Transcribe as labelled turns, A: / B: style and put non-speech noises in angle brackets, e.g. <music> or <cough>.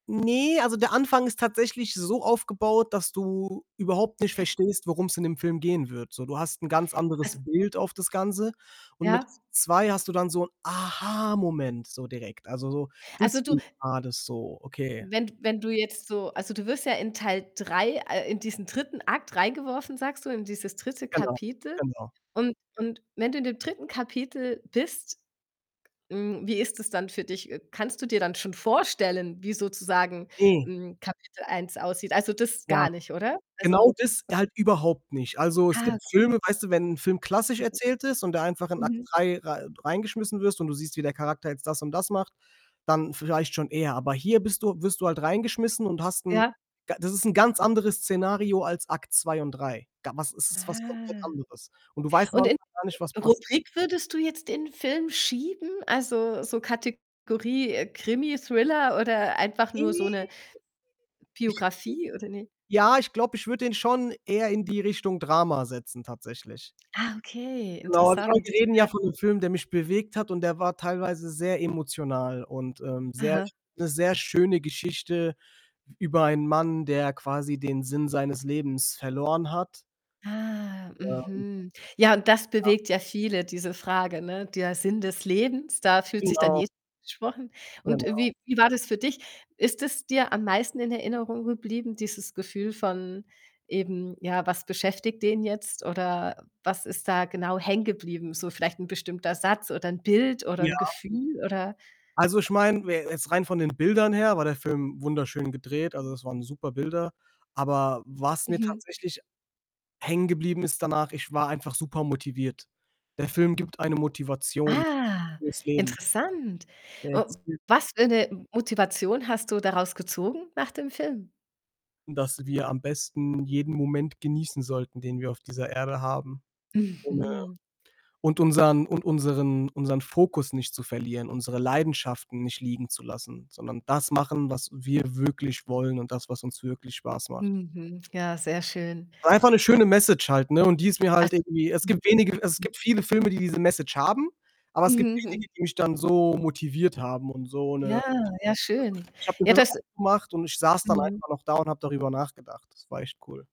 A: Ne, also, der Anfang ist tatsächlich so aufgebaut, dass du überhaupt nicht verstehst, worum's in dem Film gehen wird. So, du hast 'n ganz anderes
B: Also
A: Bild auf das Ganze und mit
B: Ja?
A: 2 hast du dann so 'n Aha-Moment so direkt. Also, so,
B: Also, du
A: deswegen war das so, okay.
B: wenn d wenn du jetzt so also, du wirst ja in Teil 3 äh, in diesen 3. Akt reingeworfen, sagst du, in dieses 3.
A: Genau,
B: Kapitel
A: genau.
B: und und wenn du in dem 3. Kapitel bist hm, wie ist das dann für dich? Äh, kannst du dir dann schon vorstellen, wie sozusagen,
A: Hm.
B: hm, Kapitel 1 aussieht? Also, das
A: Ja.
B: gar nicht, oder? Also
A: Genau das halt überhaupt nicht. Also, es
B: Ah,.
A: gibt
B: <unintelligible>
A: Filme, weißt du, wenn 'n Film klassisch erzählt ist und du einfach
B: <unintelligible>
A: in Akt
B: Mhm.
A: 3 rei reingeschmissen wirst und du siehst, wie der Charakter jetzt das und das macht, dann vielleicht schon eher. Aber hier bist du wirst du halt reingeschmissen und hast 'n
B: Ja.
A: ga das ist 'n ganz anderes Szenario als Akt 2 und 3. Ga was es ist was komplett
B: Ah,
A: anderes und du weißt noch
B: und in
A: gar nicht, was
B: <unintelligible>
A: passiert.
B: Rubrik würdest du jetzt den Film schieben? Also, so Kategorie, äh, Krimi, Thriller oder einfach nur so 'ne
A: <unintelligible>
B: Biografie oder ne?
A: Ja, ich glaube ich würde den schon eher in die Richtung Drama setzen tatsächlich.
B: Ah, okay,
A: Genau, also,
B: interessant,
A: wir reden ja
B: ja.
A: von 'nem Film, der mich bewegt hat und der war teilweise sehr emotional und, ähm, sehr
B: Aha.
A: sch sehr schöne Geschichte über einen Mann, der quasi den Sinn seines Lebens verloren hat.
B: Ah,
A: Ja, und
B: mhm. Ja, und das
A: Ja.
B: bewegt ja viele, diese Frage, ne? Der Sinn des Lebens, da fühlt sich dann
A: Genau.
B: jeder angesprochen, und
A: Genau.
B: wie wie war das für dich? Ist es dir am meisten in Erinnerung geblieben, dieses Gefühl von eben, ja, was beschäftigt den jetzt oder was ist da genau hängen geblieben? So vielleicht 'n bestimmter Satz oder 'n Bild oder
A: Ja.
B: 'n Gefühl oder
A: Also, ich meine, we jetzt rein von den Bildern her war der Film wunderschön gedreht, also, es waren super Bilder. Aber was mir
B: Mhm.
A: tatsächlich hängen geblieben ist danach, ich war einfach super motiviert. Der Film gibt eine Motivation
B: Ah,
A: fürs Leben.
B: interessant.
A: Er
B: Äh,
A: erzählt
B: was für 'ne M Motivation hast du daraus gezogen nach dem Film?
A: dass wir am besten jeden Moment genießen sollten, den wir auf dieser Erde haben, ohne
B: Mhm.
A: und unseren und unseren unseren Fokus nicht zu verlieren, unsere Leidenschaften nicht liegen zu lassen, sondern das machen, was wir wirklich wollen und das, was uns wirklich Spaß macht.
B: Mhm. Ja, sehr schön.
A: Einfach 'ne schöne Message halt, ne, und die ist mir halt
B: Also
A: irgendwie es gibt wenige es
B: <unintelligible>
A: gibt viele Filme, die diese Message haben, aber es gibt
B: Mhm.
A: wenige,
B: Mhm.
A: die mich dann so motiviert haben und so
B: Ja,
A: 'ne
B: ja, schön.
A: <unintelligible> ich habe den
B: Ja,
A: Film
B: das
A: ausgemacht und ich saß dann
B: Mhm.
A: einfach noch da und habe darüber nachgedacht. Das war echt cool.